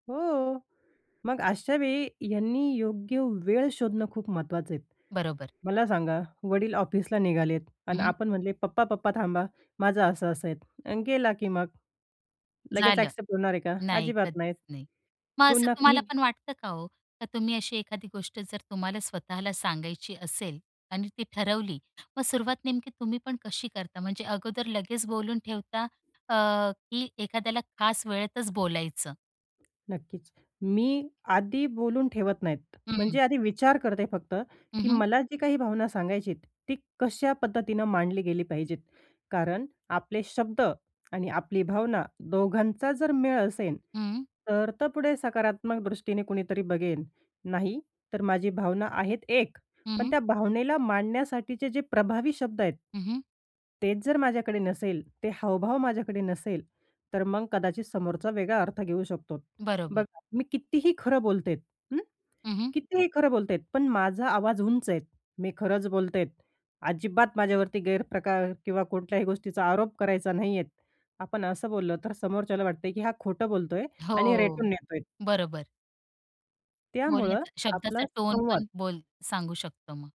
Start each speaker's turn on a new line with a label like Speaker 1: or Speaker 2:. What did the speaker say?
Speaker 1: हो. मग अशा वेळी यांनी योग्य वेळ शोधणं खूप महत्त्वाचं आहे.
Speaker 2: बरोबर.
Speaker 1: मला सांगा, वडील ऑफिसला निघालेत
Speaker 2: हं,
Speaker 1: आणि
Speaker 2: हं.
Speaker 1: आपण म्हटले, "पप्पा, पप्पा थांबा, माझं असं असं आहे" आणि गेला की मग. लगेच
Speaker 2: झालं.
Speaker 1: ॲक्सेप्ट होणार आहे का?
Speaker 2: नाही,
Speaker 1: अजिबात
Speaker 2: कधीच
Speaker 1: नाही.
Speaker 2: नाही. मग असं
Speaker 1: पुन्हा
Speaker 2: तुम्हाला
Speaker 1: कुणी
Speaker 2: पण वाटतं का हो? का तुम्ही अशी एखादी गोष्ट जर तुम्हाला स्वतःला सांगायची असेल आणि ती ठरवली मग सुरुवात नेमकी तुम्ही पण कशी करता? म्हणजे अगोदर लगेच बोलून ठेवता अ, की एखाद्याला खास वेळेतच बोलायचं?
Speaker 1: नक्कीच. मी आधी बोलून ठेवत नाही. म्हणजे
Speaker 2: हं.
Speaker 1: आधी विचार करते फक्त
Speaker 2: हं,
Speaker 1: की
Speaker 2: हं.
Speaker 1: मला जी काही भावना सांगायचीय, ती कशा पद्धतीनं मांडली गेली पाहिजेत. कारण आपले शब्द आणि आपली भावना दोघांचा जर मेळ असेन,
Speaker 2: हं.
Speaker 1: तर त पुढे सकारात्मक दृष्टीने कुणीतरी बघेन. नाहीतर माझी भावना आहे एक,
Speaker 2: हं,
Speaker 1: पण
Speaker 2: हं.
Speaker 1: त्या भावनेला मांडण्यासाठीचे जे प्रभावी शब्द आहेत.
Speaker 2: हं, हं.
Speaker 1: तेच जर माझ्याकडे नसेल, ते हावभाव माझ्याकडे नसेल, तर मग कदाचित समोरचा वेगळा अर्थ घेऊ शकतो. बघ,
Speaker 2: बरोबर.
Speaker 1: मी कितीही खरं बोलते, हं,
Speaker 2: हं, हं.
Speaker 1: कितीही खरं बोलते, पण माझा आवाज उंच आहे. मी खरंच बोलते आहे, अजिबात माझ्यावरती गैरप्रकार किंवा कोणत्याही गोष्टीचा आरोप करायचा नाही आहे. आपण असं बोललं, तर समोरच्याला वाटते की हा खोटं बोलतो आहे आणि
Speaker 2: हो.
Speaker 1: रेटून नेतो आहे.
Speaker 2: बरोबर.
Speaker 1: त्यामुळं
Speaker 2: बोलण्याचा शब्दाचा
Speaker 1: आपला संवाद
Speaker 2: टोनपण बोल सांगू शकतो मग.